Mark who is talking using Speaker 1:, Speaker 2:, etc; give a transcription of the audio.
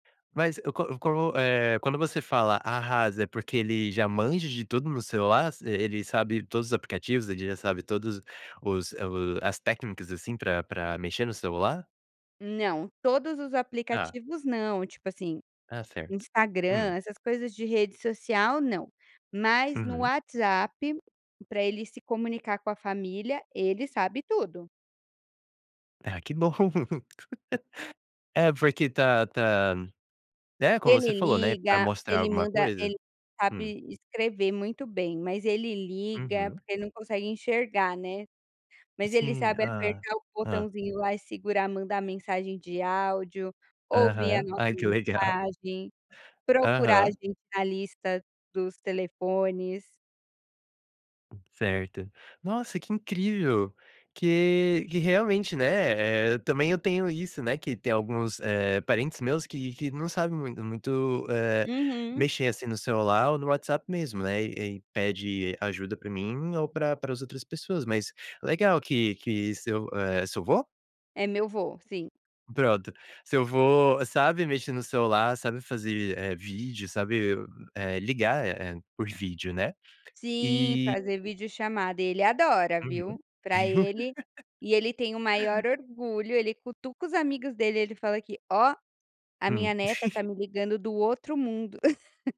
Speaker 1: Mas eu co eu co eh, quando você fala "arrasa" é porque ele já manja de tudo no celular, ele sabe todos os aplicativos, ele já sabe todos os o as técnicas, assim, pra pra mexer no celular?
Speaker 2: Não, todos os
Speaker 1: Tá.
Speaker 2: aplicativos não, tipo assim,
Speaker 1: Está certo,
Speaker 2: Instagram
Speaker 1: hum.
Speaker 2: essas coisas de rede social não, mas no
Speaker 1: Uhum.
Speaker 2: WhatsApp pra ele se comunicar com a família, ele sabe tudo.
Speaker 1: Ah que bom, é porque tá tá né, como
Speaker 2: Ele
Speaker 1: você falou, né, pra
Speaker 2: liga,
Speaker 1: mostrar
Speaker 2: ele
Speaker 1: alguma
Speaker 2: manda
Speaker 1: coisa,
Speaker 2: ele
Speaker 1: hum.
Speaker 2: sabe escrever muito bem, mas ele liga,
Speaker 1: Uhum.
Speaker 2: porque ele não consegue enxergar, né, mas ele
Speaker 1: Sim,
Speaker 2: sabe
Speaker 1: ah
Speaker 2: apertar o
Speaker 1: ah.
Speaker 2: botãozinho lá e segurar mandar mensagem de áudio, ouvir a
Speaker 1: Aham,
Speaker 2: nossa
Speaker 1: ai que legal.
Speaker 2: mensagem, procurar a
Speaker 1: Aham.
Speaker 2: gente na lista dos telefones.
Speaker 1: Certo, nossa que incrível, que que realmente, né, eh, também eu tenho isso, né, que tem alguns parentes meus que que não sabe muito muito, eh,
Speaker 2: Uhum.
Speaker 1: mexer, assim, no celular ou no WhatsApp mesmo, né, e e pede ajuda para mim ou pra para as outras pessoas, mas legal que que seu, eh, seu vô?
Speaker 2: É meu vô, sim.
Speaker 1: Pronto, seu vô, sabe mexer no celular, sabe fazer, eh, vídeo, sabe, eh, ligar, eh, por vídeo, né,
Speaker 2: Sim,
Speaker 1: e
Speaker 2: fazer videochamada e ele adora viu,
Speaker 1: Uhum.
Speaker 2: para ele e ele tem o maior orgulho, ele cutuca os amigos dele ele fala que: "Ó, a minha
Speaker 1: Hum.
Speaker 2: neta tá me ligando do outro mundo".